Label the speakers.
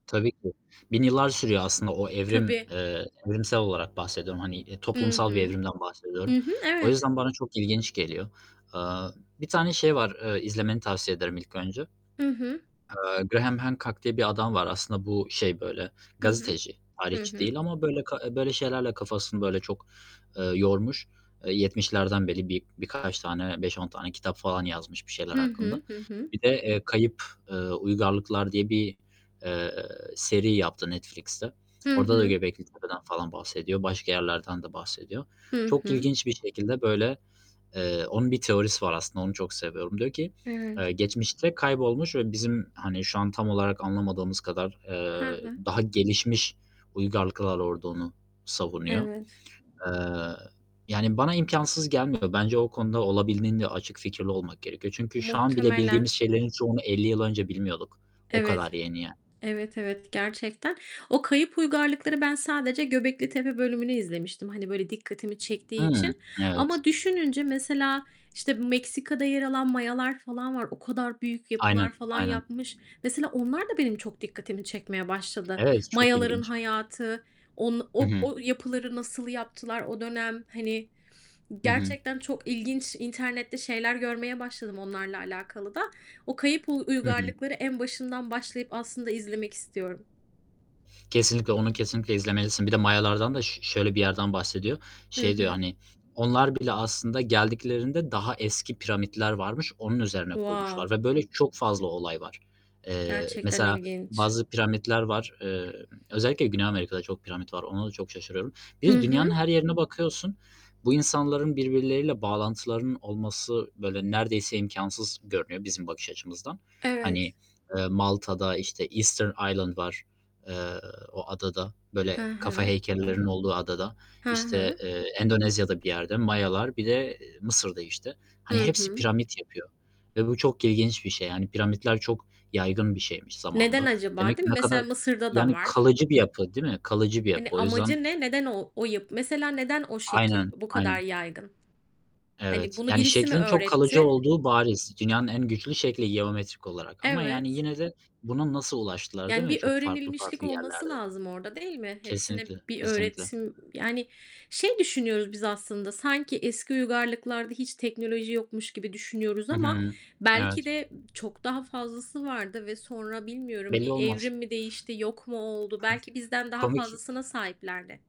Speaker 1: Tabii ki. 1.000 yıllar sürüyor aslında o evrim,
Speaker 2: Tabii.
Speaker 1: eee, evrimsel olarak bahsediyorum, hani, eee,
Speaker 2: Hı
Speaker 1: toplumsal bir
Speaker 2: hı.
Speaker 1: evrimden bahsediyorum.
Speaker 2: Hı hı,
Speaker 1: O
Speaker 2: evet.
Speaker 1: yüzden bana çok ilginç geliyor. Eee, bir tane şey var, ııı, izlemeni tavsiye ederim ilk önce.
Speaker 2: Hı hı.
Speaker 1: Eee, Graham Hancock diye bir adam var. Aslında bu, şey, böyle
Speaker 2: Hı hı.
Speaker 1: gazeteci,
Speaker 2: Hı
Speaker 1: tarihçi
Speaker 2: hı.
Speaker 1: değil ama böyle ka eee, böyle şeylerle kafasını böyle çok, eee, yormuş. Eee, 70'lerden beri bir birkaç tane 5-10 tane kitap falan yazmış bir
Speaker 2: Hı
Speaker 1: şeyler hakkında.
Speaker 2: hı. Hı hı.
Speaker 1: Bir de, eee, Kayıp, eee, Uygarlıklar diye bir, eee, seri yaptı Netflix'te.
Speaker 2: Hı
Speaker 1: Orada da
Speaker 2: hı.
Speaker 1: Göbeklitepe'den falan bahsediyor. Başka yerlerden de bahsediyor.
Speaker 2: Hı
Speaker 1: Çok
Speaker 2: hı.
Speaker 1: ilginç bir şekilde böyle, eee, onun bir teorisi var aslında, onu çok seviyorum. Diyor ki, eee,
Speaker 2: Evet.
Speaker 1: geçmişte kaybolmuş ve bizim, hani, şu an tam olarak anlamadığımız kadar,
Speaker 2: He
Speaker 1: eee,
Speaker 2: he.
Speaker 1: daha gelişmiş uygarlıklar olduğunu savunuyor.
Speaker 2: Evet.
Speaker 1: Eee, yani, bana imkânsız gelmiyor. Bence o konuda olabildiğince açık fikirli olmak gerekiyor çünkü şu an bile
Speaker 2: Muhtemelen.
Speaker 1: bildiğimiz şeylerin çoğunu 50 yıl önce bilmiyorduk. O kadar
Speaker 2: Evet,
Speaker 1: yeni, yani.
Speaker 2: evet, evet, gerçekten. O Kayıp Uygarlıklar'ı ben sadece Göbeklitepe bölümünü izlemiştim, hani, böyle dikkatimi çektiği
Speaker 1: Hıı,
Speaker 2: için.
Speaker 1: evet.
Speaker 2: Ama düşününce mesela, işte, Meksika'da yer alan Mayalar falan var. O kadar büyük yapılar
Speaker 1: Aynen,
Speaker 2: falan
Speaker 1: aynen.
Speaker 2: yapmış. Mesela onlar da benim çok dikkatimi çekmeye başladı.
Speaker 1: Evet, çok
Speaker 2: Mayaların
Speaker 1: ilginç.
Speaker 2: hayatı, on
Speaker 1: Hı
Speaker 2: o
Speaker 1: hı.
Speaker 2: o yapıları nasıl yaptılar o dönem? Hani,
Speaker 1: Hı hı.
Speaker 2: gerçekten çok ilginç internette şeyler görmeye başladım onlarla alakalı da. O Kayıp Uy
Speaker 1: Hı hı.
Speaker 2: Uygarlıklar'ı en başından başlayıp aslında izlemek istiyorum.
Speaker 1: Kesinlikle, onu kesinlikle izlemelisin. Bir de Mayalardan da ş şöyle bir yerden bahsediyor.
Speaker 2: Hı
Speaker 1: Şey diyor,
Speaker 2: hı.
Speaker 1: hani, onlar bile aslında geldiklerinde daha eski piramitler varmış, onun üzerine kurmuşlar
Speaker 2: Wow.
Speaker 1: ve böyle çok fazla olay var. Eee,
Speaker 2: Gerçekten
Speaker 1: mesela
Speaker 2: ilginç.
Speaker 1: bazı piramitler var emm, özellikle Güney Amerika'da çok piramit var, ona da çok şaşırıyorum.
Speaker 2: Hı
Speaker 1: Bir de Dünyanın
Speaker 2: hı.
Speaker 1: her yerine bakıyorsun, bu insanların birbirleriyle bağlantılarının olması, böyle, neredeyse imkânsız görünüyor bizim bakış açımızdan. Hani,
Speaker 2: Evet.
Speaker 1: eee, Malta'da işte Easter Island var, eee, o adada, böyle
Speaker 2: He
Speaker 1: kafa
Speaker 2: he.
Speaker 1: heykellerinin olduğu adada,
Speaker 2: He
Speaker 1: işte,
Speaker 2: he.
Speaker 1: eee, Endonezya'da bir yerde, Mayalar, bir de Mısır'da, işte. Hani,
Speaker 2: Hı
Speaker 1: hepsi
Speaker 2: hı.
Speaker 1: piramit yapıyor ve bu çok ilginç bir şey, yani, piramitler çok yaygın bir şeymiş
Speaker 2: Neden
Speaker 1: zamanında.
Speaker 2: acaba,
Speaker 1: Demek
Speaker 2: değil mi?
Speaker 1: ne kadar
Speaker 2: Mesela Mısır'da da
Speaker 1: yani,
Speaker 2: var.
Speaker 1: kalıcı bir yapı, değil mi? Kalıcı bir yapı
Speaker 2: Hani,
Speaker 1: o yüzden
Speaker 2: amacı ne? Neden o o yap mesela neden o şekil
Speaker 1: Aynen,
Speaker 2: bu kadar
Speaker 1: aynen.
Speaker 2: yaygın? Hani,
Speaker 1: Evet,
Speaker 2: bunu
Speaker 1: yani,
Speaker 2: birisi mi
Speaker 1: şeklin çok kalıcı
Speaker 2: öğretti?
Speaker 1: olduğu bariz. Dünyanın en güçlü şekli, geometrik olarak ama, yani,
Speaker 2: Evet.
Speaker 1: yine de buna nasıl ulaştılar, değil
Speaker 2: Yani,
Speaker 1: mi,
Speaker 2: bir
Speaker 1: çok farklı
Speaker 2: öğrenilmişlik
Speaker 1: farklı
Speaker 2: olması
Speaker 1: yerlerde?
Speaker 2: lazım orada, değil mi? Hepsine
Speaker 1: Kesinlikle,
Speaker 2: bir
Speaker 1: kesinlikle.
Speaker 2: öğretim yani, şey düşünüyoruz biz aslında, sanki eski uygarlıklarda hiç teknoloji yokmuş gibi düşünüyoruz
Speaker 1: Hı
Speaker 2: ama
Speaker 1: hı.
Speaker 2: belki
Speaker 1: Evet.
Speaker 2: de çok daha fazlası vardı ve sonra bilmiyorum
Speaker 1: Belli
Speaker 2: bir
Speaker 1: olmaz.
Speaker 2: evrim mi değişti, yok mu oldu? Belki bizden daha
Speaker 1: Komik.
Speaker 2: fazlasına sahiplerdi.